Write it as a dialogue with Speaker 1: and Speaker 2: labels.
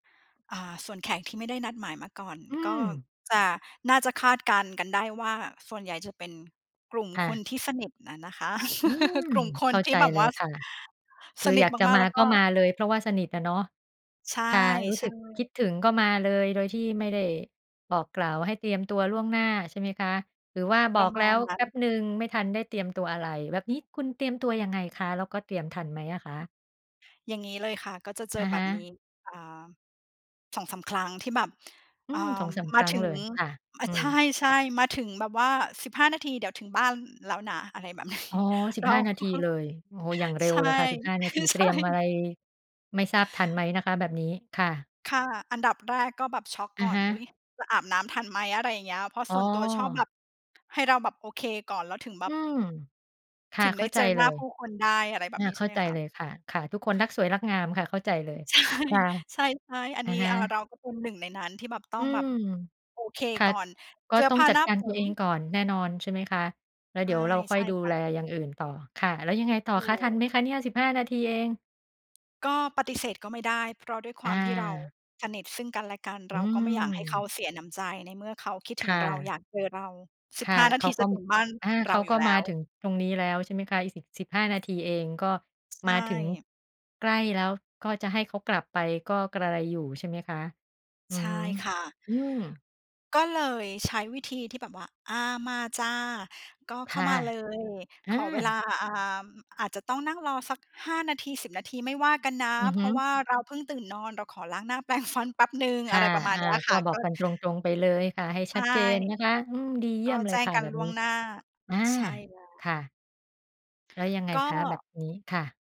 Speaker 1: อ่า ส่วนแขกที่ไม่ได้นัดหมายมาก่อน
Speaker 2: อื
Speaker 1: ก็
Speaker 2: ม
Speaker 1: จะ น่าจะคาดการณ์กันได้ว่า ส่วนใหญ่จะเป็นกลุ่ม
Speaker 2: ค่
Speaker 1: คน
Speaker 2: ะ
Speaker 1: ที่สนิทอะนะคะ
Speaker 2: อืม
Speaker 1: กลุ่มค
Speaker 2: เข
Speaker 1: น
Speaker 2: ้า
Speaker 1: ที
Speaker 2: ใ
Speaker 1: ่
Speaker 2: จ
Speaker 1: แบบ
Speaker 2: เล
Speaker 1: ว่
Speaker 2: ย
Speaker 1: า
Speaker 2: ค่ะ ค
Speaker 1: ส
Speaker 2: ือ
Speaker 1: นิ
Speaker 2: อย
Speaker 1: ท
Speaker 2: ากจะ
Speaker 1: มาก
Speaker 2: ม
Speaker 1: ๆ
Speaker 2: า
Speaker 1: แล้วก
Speaker 2: ก
Speaker 1: ็
Speaker 2: ็มาเลย เพราะว่าสนิทน่ะเนาะ
Speaker 1: ใช
Speaker 2: ค่ะ รู้สึ
Speaker 1: ่
Speaker 2: กค
Speaker 1: ๆ
Speaker 2: ิดถึงก็มาเลย โดยที่ไม่ได้บอกกล่าวให้เตรียมตัวล่วงหน้า ใช่ไหมคะ หรือว่าบ
Speaker 1: ปร
Speaker 2: อ
Speaker 1: ะ
Speaker 2: ก
Speaker 1: ม
Speaker 2: แล
Speaker 1: า
Speaker 2: ้
Speaker 1: ณ
Speaker 2: ว
Speaker 1: นั
Speaker 2: แ
Speaker 1: ้
Speaker 2: ป
Speaker 1: น
Speaker 2: ๊บหนึ่ง ไม่ทันได้เตรียมตัวอะไร แบบนี้คุณเตรียมตัวยังไงคะ? แล้วก็เตรียมทันไหมอะคะ?
Speaker 1: อย่างงี้เลยค่ะ ก็จะเจอ
Speaker 2: อะ
Speaker 1: แบ
Speaker 2: ฮ
Speaker 1: บน
Speaker 2: ะ
Speaker 1: ี้ อ่า 2-3 ครั้งที่แบบ
Speaker 2: อื
Speaker 1: อ่า
Speaker 2: ม 2-3
Speaker 1: ม
Speaker 2: ค
Speaker 1: า
Speaker 2: รั้
Speaker 1: ถ
Speaker 2: ง
Speaker 1: ึ
Speaker 2: เล
Speaker 1: ง
Speaker 2: ย ค่ะ
Speaker 1: ม
Speaker 2: อื
Speaker 1: ใ
Speaker 2: ม
Speaker 1: ช่ ๆ มาถึงแบบว่า 15 นาที เดี๋ยวถึงบ้าน ล แล้วนะ อะไร แบบนี้
Speaker 2: อ๋อ สิ
Speaker 1: แล
Speaker 2: บ
Speaker 1: ้
Speaker 2: ห้
Speaker 1: ว
Speaker 2: า นา
Speaker 1: ก็
Speaker 2: ทีเลย โอ้โฮ อย่างเร็
Speaker 1: ใช
Speaker 2: ว
Speaker 1: ่
Speaker 2: เลยค่ะ 15 นา
Speaker 1: ค
Speaker 2: ท
Speaker 1: ื
Speaker 2: ี
Speaker 1: อ
Speaker 2: เต
Speaker 1: ใช
Speaker 2: รี
Speaker 1: ่
Speaker 2: ยมอะไร ไม่ทราบทันไหมนะคะแบบนี้? ค่ะ
Speaker 1: ค่ะ อันดับแรกก็แบบช็อก
Speaker 2: อ
Speaker 1: ก
Speaker 2: ะ
Speaker 1: ่อน
Speaker 2: ฮ
Speaker 1: อุ๊
Speaker 2: ะ
Speaker 1: ย จะอาบน้ำทันไหม อะไรอย่างเงี้ย เพราะ
Speaker 2: อ๋
Speaker 1: ส่วนตัวชอบแบ
Speaker 2: อ
Speaker 1: บ ให้เราแบบโอเคก่อน แล้วถึงแบ
Speaker 2: อื
Speaker 1: บ
Speaker 2: ม ค่ะ
Speaker 1: ถึง
Speaker 2: เข
Speaker 1: ได
Speaker 2: ้
Speaker 1: ้
Speaker 2: าใ
Speaker 1: เ
Speaker 2: จ
Speaker 1: จอ
Speaker 2: เ
Speaker 1: ห
Speaker 2: ล
Speaker 1: น้า
Speaker 2: ย
Speaker 1: ผู้คนได้ อะไรแบ
Speaker 2: อะ
Speaker 1: บนี้
Speaker 2: เ
Speaker 1: ใช
Speaker 2: ข้
Speaker 1: ่
Speaker 2: า
Speaker 1: ไหม
Speaker 2: ใจ
Speaker 1: คะ
Speaker 2: เลยค่ะ ค่ะ ทุกคนรักสวยรักงามค่ะ เข้าใจ
Speaker 1: เ
Speaker 2: เ
Speaker 1: อ
Speaker 2: ล
Speaker 1: อ
Speaker 2: ย
Speaker 1: ใช่
Speaker 2: ค่ะ
Speaker 1: ใช่ ๆ อัน
Speaker 2: อะ
Speaker 1: นี้
Speaker 2: ฮ
Speaker 1: อา
Speaker 2: ะ
Speaker 1: เราก็เป็นหนึ่งในนั้นที่แบบต้
Speaker 2: อ
Speaker 1: อ
Speaker 2: ื
Speaker 1: งแบบ
Speaker 2: ม
Speaker 1: โอเค
Speaker 2: ค่ะ
Speaker 1: ก่อน
Speaker 2: ก็
Speaker 1: เสื้อ
Speaker 2: ต้อ
Speaker 1: ผ
Speaker 2: ง
Speaker 1: ้า
Speaker 2: จั
Speaker 1: ห
Speaker 2: ด
Speaker 1: น้า
Speaker 2: การ
Speaker 1: ผ
Speaker 2: ตัว
Speaker 1: ม
Speaker 2: เองก่อนแน่นอน ใช่ไหมคะ แล้ว
Speaker 1: ใช
Speaker 2: เด
Speaker 1: ่
Speaker 2: ี๋ยวเราค่
Speaker 1: ใช
Speaker 2: อย
Speaker 1: ่
Speaker 2: ดู
Speaker 1: ค่
Speaker 2: แ
Speaker 1: ะ
Speaker 2: ลอย่างอื่นต่อ ค่ะ แล้วยังไงต่อ
Speaker 1: ถู
Speaker 2: คะ? ทัน
Speaker 1: ก
Speaker 2: ไหมคะเนี่ย? 15 นาทีเอง
Speaker 1: ก็ปฏิเสธก็ไม่ได้ เพราะด้วยคว
Speaker 2: อ
Speaker 1: ามที่เรา
Speaker 2: า
Speaker 1: สนิทซึ่งกันและกัน
Speaker 2: อ
Speaker 1: เ
Speaker 2: ื
Speaker 1: ราก็ไม่อยากให้เขา
Speaker 2: ม
Speaker 1: เสียน้ำใจ ในเมื่อเขาคิด
Speaker 2: ค
Speaker 1: ถึง
Speaker 2: ่
Speaker 1: เรา อ
Speaker 2: ะ
Speaker 1: ยากเจอเรา สิ
Speaker 2: ค
Speaker 1: บ
Speaker 2: ่
Speaker 1: ห
Speaker 2: ะ
Speaker 1: ้า น
Speaker 2: เ
Speaker 1: า
Speaker 2: ข
Speaker 1: ท
Speaker 2: า
Speaker 1: ี
Speaker 2: ก
Speaker 1: จ
Speaker 2: ็
Speaker 1: ะถ
Speaker 2: ม
Speaker 1: ึงบ้าน
Speaker 2: อา
Speaker 1: เ
Speaker 2: เข
Speaker 1: รา
Speaker 2: า
Speaker 1: อย
Speaker 2: ก
Speaker 1: ู
Speaker 2: ็
Speaker 1: ่แล
Speaker 2: ม
Speaker 1: ้
Speaker 2: า
Speaker 1: ว
Speaker 2: ถึงตรงนี้แล้ว ใช่ไหมคะ อีก 10- 15 นาทีเอง ก็
Speaker 1: ใช
Speaker 2: มาถึง
Speaker 1: ่
Speaker 2: ใกล้แล้ว ก็จะให้เขากลับไปก็กระไรอยู่ ใช่ไหมคะ อื
Speaker 1: ใช
Speaker 2: อ
Speaker 1: ่
Speaker 2: ฮึ
Speaker 1: ค่ะ
Speaker 2: อืม
Speaker 1: ก็เลย ใช้วิธีที่แบบว่า อา มาจ้ะ ก็
Speaker 2: ค
Speaker 1: เข้า
Speaker 2: ่ะ
Speaker 1: มา เลย
Speaker 2: อ
Speaker 1: ข
Speaker 2: า
Speaker 1: อเวลา อ่า อ อาจจะต้องนั่งรอสัก 5 นาที 10 นาที ไม่ว่ากันนะ
Speaker 2: อือ
Speaker 1: เพ
Speaker 2: ฮึ
Speaker 1: ราะว่าเราเพิ่งตื่นนอน เราขอล้างหน้า แปรงฟัน แป๊บหนึ่ง
Speaker 2: ค
Speaker 1: อ
Speaker 2: ่
Speaker 1: ะ
Speaker 2: ะ
Speaker 1: ไรประมาณ
Speaker 2: อา
Speaker 1: เนี้ย
Speaker 2: ก
Speaker 1: ค
Speaker 2: ็
Speaker 1: ่ะ
Speaker 2: บอ
Speaker 1: ก
Speaker 2: ก
Speaker 1: ็
Speaker 2: กันตรง ๆ ไปเลยค่ะ ให้
Speaker 1: ใ
Speaker 2: ช
Speaker 1: ช
Speaker 2: ั
Speaker 1: ่
Speaker 2: ดเจนนะคะ อืม ดีเย
Speaker 1: ก
Speaker 2: ี่
Speaker 1: ็
Speaker 2: ยมเล
Speaker 1: แจ
Speaker 2: ย
Speaker 1: ้ง
Speaker 2: ค่ะ
Speaker 1: กั
Speaker 2: แ
Speaker 1: น
Speaker 2: บบ
Speaker 1: ล่
Speaker 2: น
Speaker 1: ว
Speaker 2: ี้
Speaker 1: งหน้า
Speaker 2: อา
Speaker 1: ใช่แล้
Speaker 2: ค
Speaker 1: ว
Speaker 2: ่ะ แล้วยังไง
Speaker 1: ก
Speaker 2: คะ? แบ
Speaker 1: ็
Speaker 2: บนี้ ค่ะ